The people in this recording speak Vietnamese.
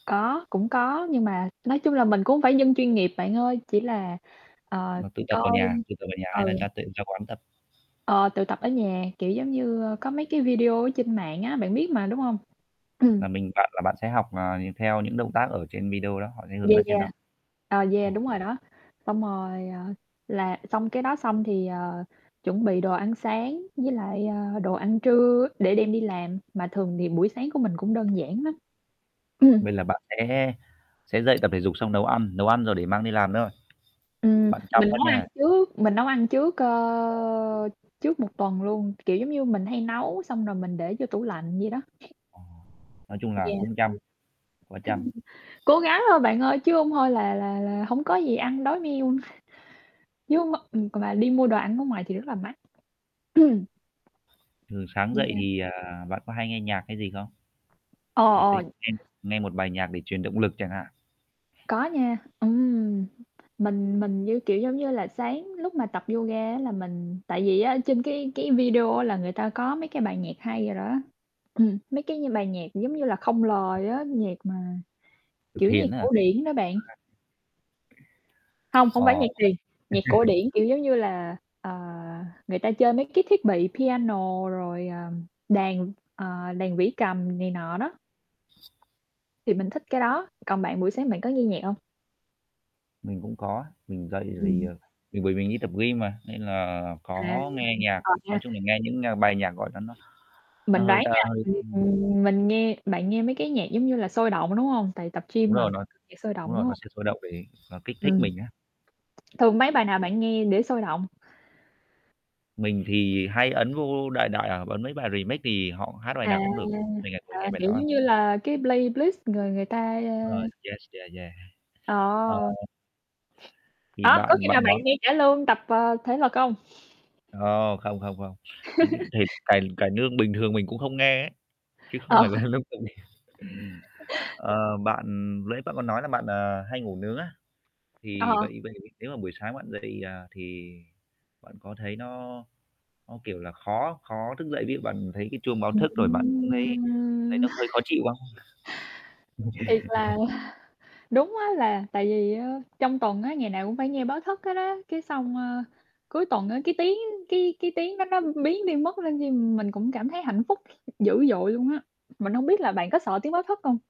Có, cũng có, nhưng mà nói chung là mình cũng hông phải dân chuyên nghiệp bạn ơi, chỉ là, ờ, Mà tự tập ở coi nhà, tự tập ở nhà hay là ừ. t ra quán tập? Ờ, tự tập ở nhà. Kiểu, giống như, ơ, có [unintelligible] mấy cái video ở trên mạng á, bạn biết mà, đúng hông? Ừm. Nà mình bạn là bạn sẽ học, ờ, nh theo những động tác ở trên video đó, họ sẽ hướng Yeah, dẫn trên đó. yeah. Ờ, Ờ. yeah, đúng rồi đó. Xong rồi, ờ, là xong cái đó xong thì, ờ, chuẩn bị đồ ăn sáng, với lại, ờ, đồ ăn trưa để đem đi làm, mà thường thì buổi sáng của mình cũng đơn giản lắm. Ừm. Vậy là bạn sẽ sẽ dậy tập thể dục xong nấu ăn, nấu ăn rồi để mang đi làm nữa thôi? Ừm, Bạn chăm mình quá nấu ăn nha! trước mình nấu ăn trước, ơ, trước 1 tuần luôn, kiểu, giống như mình hay nấu xong rồi mình để vô tủ lạnh vậy đó. Ờ, nói chung là Yeah. cũng chăm, quá chăm. [unintelligible] Cố gắng thôi bạn ơi, chứ hông thôi là là là hông có gì ăn đói meo. Nhưng mà ừm, c mà đi mua đồ ăn ở ngoài thì rất là mắc. Thường sáng dậy Yeah. thì, à, bạn có hay nghe nhạc hay gì không? Ờ, Ừ, thấy ờ. nghe nghe một bài nhạc để truyền động lực chẳng hạn? Có nha, ừm. Mình mình như, kiểu, giống như là, sáng lúc mà tập yoga á là, mình tại vì á trên cái cái video á là người ta có mấy cái bài nhạc hay rồi đó, ừm, mấy cái bài nhạc, giống như là, không [unintelligible] lời á, nhạc mà, Tập kiểu, nhạc thiền á hả? cổ điển đó bạn. [unintelligible] Hông, hông phải Ờ. nhạc thiền, nhạc cổ điển, kiểu, giống như là, ờ, người ta chơi mấy cái thiết bị piano, rồi, à, đàn, ờ, đàn vĩ cầm này nọ đó. Thì mình thích cái đó. Còn bạn buổi sáng bạn có nghe nhạc hông? Mình cũng có, mình dậy thì, Ừm. ờ, mình bởi mình đi tập gym mà nên là À, có nghe nhạc, ờ, nha. nói chung là nghe những, ơ, bài nhạc, gọi là, nó Mình nó hơi đoán ta nha, hơi, [unintelligible] ưm ừm, mình nghe bạn nghe mấy cái nhạc giống như là sôi động, đúng hông? Tại tập Đúng gym mà, rồi, nó [unintelligible] sôi đúng động, đúng rồi, nó hông? sẽ sôi động về nó kích thích Ừm. mình á. Thường mấy bài nào bạn nghe để sôi động? Mình thì hay ấn vô đại đại à, ấn mấy bài remake thì họ hát bài À, nào cũng được, mình lại ngồi à, nghe bài kiểu, đó à. giống như là cái playlist người người ta, ơ Rồi, yes, yeah, yeah. Ờ Ờ! Thì Hả? Có bạn khi bạn nào bạn nói nghe cải lương tập, ờ, thể lực hông? Không, không, không, không. Những cái thể cải cải nương bình thường mình cũng không nghe ấy, chứ không Ờ. phải là lúc tập gym. Ờ, bạn nãy bạn có nói là bạn, ờ, hay ngủ nướng á, thì Ờ. vậy vậy nếu mà buổi sáng bạn dậy, à, thì bạn có thấy nó nó, kiểu là, khó khó thức dậy, ví dụ bạn thấy cái chuông báo thức rồi bạn cũng thấy thấy Ừm! nó hơi khó chịu không? Thiệt là đúng á. là tại vì á, trong tuần á, ngày nào cũng phải nghe báo thức hết á, cái xong, ơ, cuối tuần á, cái tiếng cái cái tiếng đó nó biến đi mất nên chi mình cũng cảm thấy hạnh phúc dữ dội luôn á, mình hông biết là bạn có sợ tiếng báo thức hông?